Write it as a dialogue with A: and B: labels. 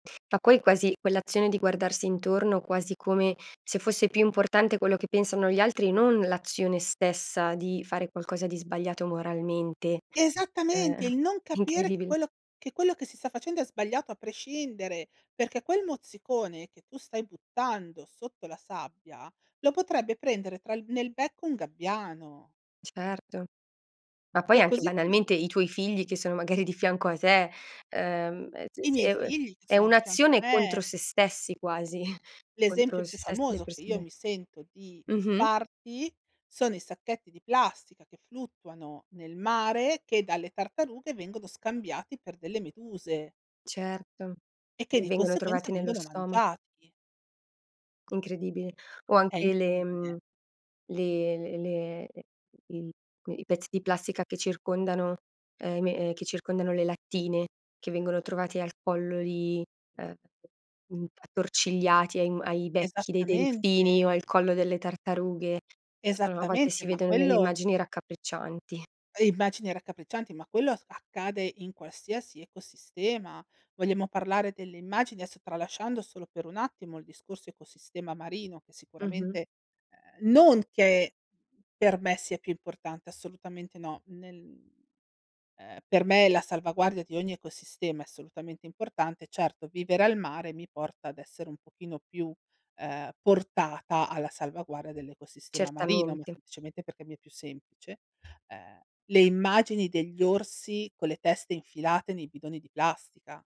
A: Fa poi quasi quell'azione di guardarsi intorno, quasi come se fosse più importante quello che pensano gli altri, non l'azione stessa di fare qualcosa di sbagliato moralmente. Ehm,
B: Esattamente il non capire che
A: incredibile.
B: quello che quello che si sta facendo è sbagliato a prescindere, perché quel mozzicone che tu stai buttando sotto la sabbia, lo potrebbe prendere tra il nel becco un gabbiano.
A: Certo. Ma poi
B: Cioè
A: anche
B: così come
A: banalmente, i tuoi figli che sono magari di fianco a te, ehm
B: I miei
A: [unintelligible]
B: figli che
A: è
B: sono di fianco a
A: un'azione contro
B: me.
A: se stessi quasi.
B: L'esempio
A: Contro se
B: più
A: stessi e le
B: famoso che io
A: persone
B: mi sento di
A: Mh-mh.
B: farti, sono i sacchetti di plastica che fluttuano nel mare, che dalle tartarughe vengono scambiati per delle meduse
A: Certo,
B: e che di
A: vengono
B: conseguenza
A: trovati nello
B: vengono
A: stomac
B: mangiati.
A: Incredibile. O
B: È
A: anche le
B: incredibile!
A: mhmm, le l le le il i pezzi di plastica che circondano uhm i me ehm che circondano le lattine, che vengono trovati al collo di uhm mhmm attorcigliati ai ai becchi dei
B: Esattamente.
A: delfini o al collo delle tartarughe. A volte
B: Esattamente,
A: si
B: ma
A: vedono delle
B: quello
A: immagini raccapriccianti.
B: Immagini raccapriccianti, ma quello accade in qualsiasi ecosistema. Vogliamo parlare delle immagini, adesso tralasciando solo per un attimo il discorso ecosistema marino, che
A: Mh-mh.
B: sicuramente uhm non che per me sia più importante, assolutamente no, nel uhm per me la salvaguardia di ogni ecosistema è assolutamente importante. Certo, vivere al mare mi porta ad essere un pochino più, ehm, portata alla salvaguardia dell'ecosistema marino, ma
A: Certamente.
B: semplicemente perché mi è più semplice. Ehm, le immagini degli orsi con le teste infilate nei bidoni di plastica.